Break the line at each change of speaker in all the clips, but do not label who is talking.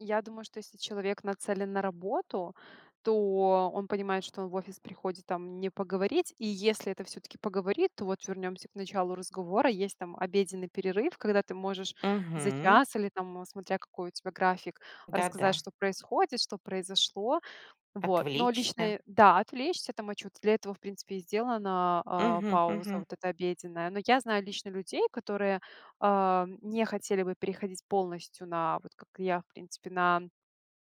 Я думаю, что если человек нацелен на работу, то он понимает, что он в офис приходит там не поговорить. И если это всё-таки поговорить, то вот вернёмся к началу разговора. Есть там обеденный перерыв, когда ты можешь за
Мгм.
час или там, смотря какой у тебя график,
Да,
рассказать,
да.
что происходит, что произошло. Вот. Но лично,
Отвлечься.
э, да, отвлечься там, э, чуть, для этого, в принципе, и сделана, э,
Мгм,
пауза
мгм.
вот эта обеденная. Но я знаю лично людей, которые, а, м, не хотели бы переходить полностью на вот, как и я, в принципе, на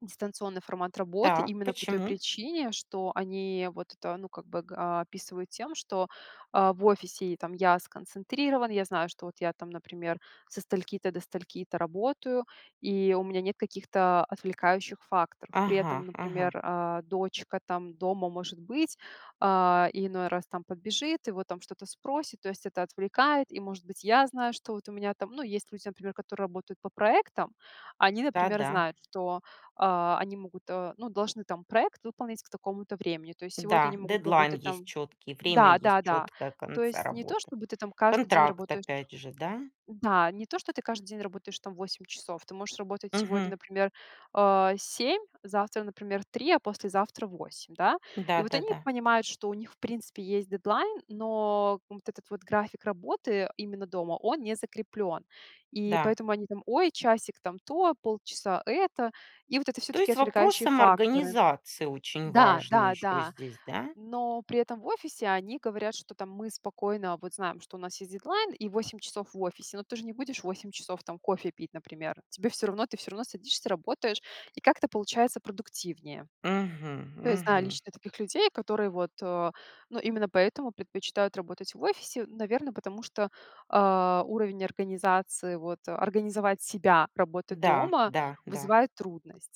дистанционный формат работы
Так,
именно по той
почему?
причине, что они вот это, ну, как бы, а, описывают тем, что, а, в офисе: "И там я сконцентрирован, я знаю, что вот я там, например, со стольки-то до стольки-то работаю, и у меня нет каких-то отвлекающих факторов". При
Ага,
этом,
ага.
например, а, дочка там дома может быть, а, иной раз там подбежит и вот там что-то спросит. То есть это отвлекает. И, может быть, я знаю, что вот у меня там, ну, есть люди, например, которые работают по проектам. Они,
Да,
например,
да.
знают, что, а, они могут, э, ну, должны там проект выполнять к такому-то времени. То есть сегодня
Да,
они могут
дедлайн
работать
есть
там
чёткий, время
да,
есть
да, да.
чёткое
То
конца
есть не то
работы.
чтобы ты там каждый день
Контракт,
работаешь
опять же, да?
да, не то что ты каждый день работаешь там 8 часов. Ты можешь работать сегодня,
Мгм.
например, э, 7, завтра, например, 3, а послезавтра 8. Да? И
Да,
вот они
да-да.
понимают, что у них, в принципе, есть дедлайн, но вот этот вот график работы именно дома, он не закреплен. И
Да.
поэтому они там: "Ой, часик там то, полчаса это". И вот это
То
всё-таки
есть вопрос
отвлекающие факторы
самоорганизации очень
да,
важный
да,
ещё
да.
здесь, да?
Но при этом в офисе они говорят, что там: "Мы спокойно вот знаем, что у нас есть дедлайн и 8 часов в офисе, но ты же не будешь 8 часов там кофе пить, например". Тебе всё равно ты всё равно садишься, работаешь, и как-то получается продуктивнее.
Мгм,
То есть знаю
мгм.
лично таких людей, которые вот, э, ну, именно поэтому предпочитают работать в офисе, в наверное, потому что, а, уровень организации, вот организовать себя, работать
Да,
дома
да, да.
вызывает трудность.